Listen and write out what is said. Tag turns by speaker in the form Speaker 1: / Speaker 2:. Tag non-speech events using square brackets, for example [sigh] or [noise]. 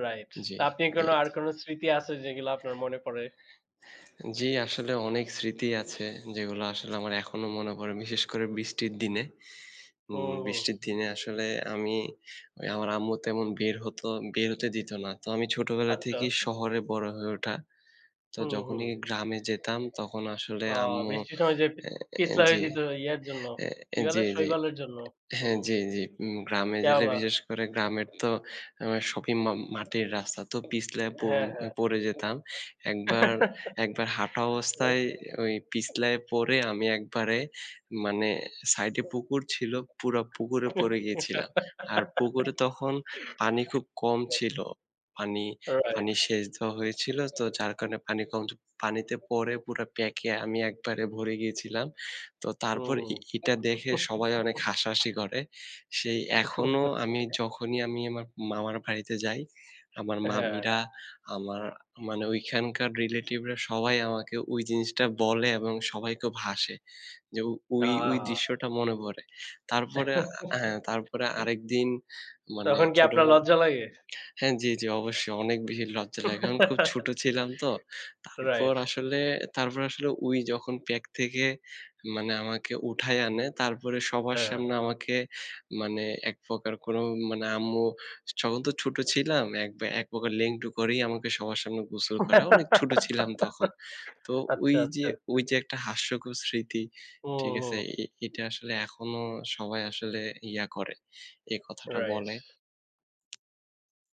Speaker 1: Right.
Speaker 2: জি,
Speaker 1: তা, আপনার
Speaker 2: জি,
Speaker 1: কোনো আর
Speaker 2: জি।
Speaker 1: কোনো স্মৃতি আছে যেগুলা আপনার মনে পড়ে?
Speaker 2: জি আসলে অনেক স্মৃতি আছে যেগুলো আসলে আমার এখনো মনে পড়ে। বিশেষ করে বৃষ্টির দিনে। উ
Speaker 1: হুম, হুম।
Speaker 2: বৃষ্টির দিনে আসলে আমি, আমার আম্মু তেমন বের হতো, বের হতে দিত না। তো আমি ছোটবেলা
Speaker 1: আচ্ছা।
Speaker 2: থেকেই
Speaker 1: উ
Speaker 2: শহরে বড় হয়ে ওঠা। তো
Speaker 1: হুম, হুম।
Speaker 2: যখনই গ্রামে যেতাম তখন আসলে
Speaker 1: আ
Speaker 2: আম্মু
Speaker 1: বৃষ্টির সময় যে পি
Speaker 2: এ
Speaker 1: পিছলা
Speaker 2: জি,
Speaker 1: যেত ইয়ার জন্য,
Speaker 2: এ
Speaker 1: কি
Speaker 2: এ
Speaker 1: বলে
Speaker 2: জি, জি
Speaker 1: শৈবালের জন্য। হু,
Speaker 2: হ্যাঁ জি, জি উ গ্রামে গেলে
Speaker 1: শ্যাওলা।
Speaker 2: বিশেষ করে গ্রামের তো আ সপিম মাটির রাস্তা। তো পিছলে প
Speaker 1: হ্যাঁ, হ্যাঁ।
Speaker 2: পড়ে যেতাম। একবার
Speaker 1: [chuckles]
Speaker 2: একবার হাঁটা
Speaker 1: [unintelligible]
Speaker 2: অবস্থায় ওই পিছলায় পড়ে আমি একবারে মানে সাইডে পুকুর ছিল, পুরা পুকুরে
Speaker 1: [laughs] হ্যাঁ।
Speaker 2: পড়ে গিয়েছিলাম। আর পুকুরে তখন পানি খুব কম
Speaker 1: Right.
Speaker 2: ছিল। পানি,
Speaker 1: Right.
Speaker 2: পানি শেষ দ হয়ে ছিল তো যার কারণে পানি কম। পানিতে পড়ে পুরা প্যাক এ আমি একবারে ভরে গিয়েছিলাম। তো তারপর
Speaker 1: হুম।
Speaker 2: ই ইটা দেখে সবাই অনেক হাসাহাসি
Speaker 1: [chuckles]
Speaker 2: করে। সেই এখনো আমি
Speaker 1: [chuckles]
Speaker 2: যখনই আমি আমার মামার বাড়িতে যাই আমার
Speaker 1: হ্যাঁ।
Speaker 2: মামিরা, আমার মানে ওইখানকার relative রা সবাই আমাকে ওই জিনিসটা বলে এবং সবাই খুব হাসে। যে ওই, ওই
Speaker 1: আহ!
Speaker 2: দৃশ্যটা মনে পড়ে।
Speaker 1: [chuckles] তখন
Speaker 2: তারপরে
Speaker 1: কি আপনার
Speaker 2: আ
Speaker 1: লজ্জা
Speaker 2: হ্যাঁ তারপরে
Speaker 1: লাগে?
Speaker 2: আরেকদিন মানে
Speaker 1: তখন কি আপনার
Speaker 2: ছোটবেলায়
Speaker 1: লজ্জা লাগে?
Speaker 2: হ্যাঁ, জি, জি অবশ্যই অনেক বেশি লজ্জা লাগে। কারণ খুব ছোট
Speaker 1: [chuckles]
Speaker 2: ছিলাম তো। তারপর
Speaker 1: Right.
Speaker 2: আসলে, তারপর আসলে ওই যখন প্যাক থেকে মানে আমাকে উঠায় আনে তারপরে সবার
Speaker 1: হ্যাঁ।
Speaker 2: সামনে আমাকে মানে একপ্রকার কোনো মানে আম্মু স তখন তো ছোট ছিলাম এক বা একপ্রকার লেংটু করেই আমাকে সবার সামনে গোসল করা। অনেক ছোট
Speaker 1: [laughs]
Speaker 2: ছিলাম তখন। তো ওই
Speaker 1: আচ্ছা,
Speaker 2: যে,
Speaker 1: আচ্ছা।
Speaker 2: ওই যে একটা হাস্যকর স্মৃতি।
Speaker 1: হুম,
Speaker 2: ঠিক
Speaker 1: হু।
Speaker 2: আছে? ই ইটা আসলে এখনো সবাই আসলে ইয়া করে, এ কথাটা বলে।
Speaker 1: Right.